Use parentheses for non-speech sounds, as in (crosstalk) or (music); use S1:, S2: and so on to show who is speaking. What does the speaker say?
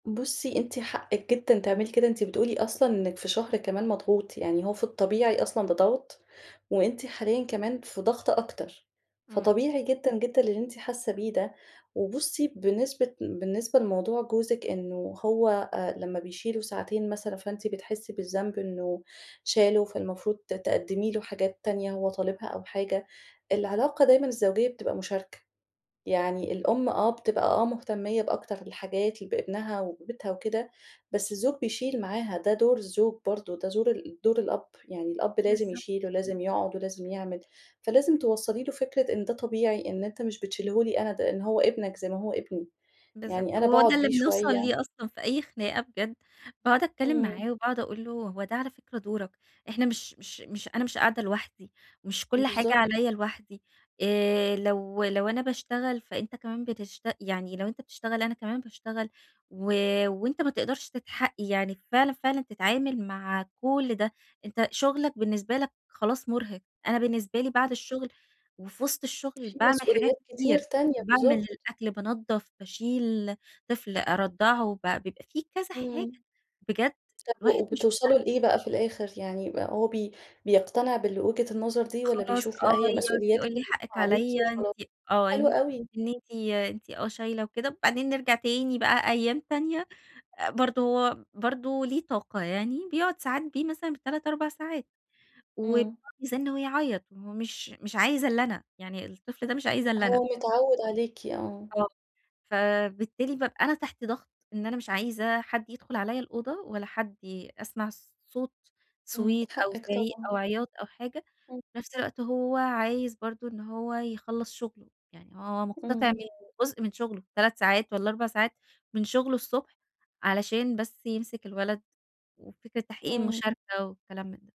S1: بُصي، أنتِ حقِك جدًا تعملي كده. أنتِ بتقولي أصلًا إنك في شهر كمان مضغوط. يعني هو في الطبيعي أصلًا بضغط، وأنتِ حاليًا كمان في ضغط أكتر.
S2: إمم.
S1: فطبيعي جدًا، جدًا اللي أنتِ حاسة بيه ده. وبُصي، بنسبة بالنسبة لموضوع جوزِك، إنه هو آآ لما بيشيله ساعتين مثلًا، فأنتِ بتحسي بالذنب إنه شاله، فالمفروض ت تقدمي له حاجات تانية هو طالبها أو حاجة. العلاقة دايمًا الزوجية بتبقى مشاركة. يعني الأم، آه، بتبقى آه، مهتمية بأكتر الحاجات بابنها وبيتها وكده، بس الزوج بيشيل معاها؛ ده دور الزوج برضه، ده زور ال دور الأب، يعني الأب لازم
S2: بالضبط.
S1: يشيل ولازم يقعد ولازم يعمل. فلازم توصلي له فكرة إن ده طبيعي، إن أنتِ مش بتشيله لي أنا، ده إن هو ابنك زي ما هو ابني.
S2: بالضبط،
S1: يعني أنا
S2: وهو ده
S1: باقعد
S2: اللي
S1: بيه
S2: بنوْصَل
S1: شوية
S2: ليه أصلًا في أي خناقة بجد. باقعد أتكلم
S1: إمم.
S2: معاه وباقعد أقول له: "هو ده على فكرة دورك. إحنا مش مش مش أنا مش قاعدة لوحدي، مش كل حاجة
S1: بالضبط.
S2: عليَّ لوحدي." آآ، لو لو أنا باشتغل فأنت كمان بتشت يعني لو أنت بتشتغل أنا كمان باشتغل و وأنت ما تقدرش تتحق يعني فعلًا، فعلًا تتعامل مع كل ده. أنت شغلك بالنسبة لك خلاص مُرهق، أنا بالنسبة لي بعد الشغل، وفي وسط الشغل
S1: في
S2: باعمل حاجات
S1: مسؤوليات كتير
S2: كتير.
S1: تانية،
S2: باعمل
S1: بالضبط.
S2: الأكل، بانظف، باشيل طفل أرضعه بع بيبقى في كذا حاجة.
S1: إمم.
S2: بجد
S1: طب
S2: الواحد مش
S1: وبتوصلوا
S2: مستحمل.
S1: لإيه بقى في الآخر؟ يعني هو بي بيقتنع بالوجهة النظر دي والّا
S2: خلاص،
S1: بيشوف
S2: آه،
S1: لأ هي
S2: يقعد
S1: مسؤولياتك
S2: يقول لي:
S1: (unintelligible)
S2: "حقِك
S1: عليكِ
S2: عليَّ أنتِ
S1: وخلاص؟
S2: آه،
S1: حلوة
S2: إن
S1: أوي.
S2: إن أنتِ أنتِ آه، شايله وكده." وبعدين نرجع تاني بقى أيام تانية، برضه برضه ليه طاقة يعني بيقعد ساعات بيه مثلًا ب3، 4 ساعات وبيقعد
S1: إمم.
S2: بيزّن ويعيط مش مش عايز إلّا أنا، يعني الطفل ده مش عايز إلَّا أنا.
S1: هو متعود عليكِ، آه.
S2: آه، فبالتالي بابقى أنا تحت ضغط، إن أنا مش عايزة حد يدخل عليَّ الأوضة ولا حد أسمع صوت
S1: إمم،
S2: صويت أو
S1: حقِك
S2: زعيق
S1: طبعًا.
S2: أو عياط أو حاجة،
S1: إمم.
S2: في نفس الوقت هو عايز برضه إن هو يخلص شغله، يعني هو مقتطع
S1: إمم.
S2: من جزء من شغله 3 ساعات والّا 4 ساعات من شغله الصبح، علشان بس يمسك الولد، وفكرة تحقيق
S1: إمم.
S2: المشاركة وكلام من ده.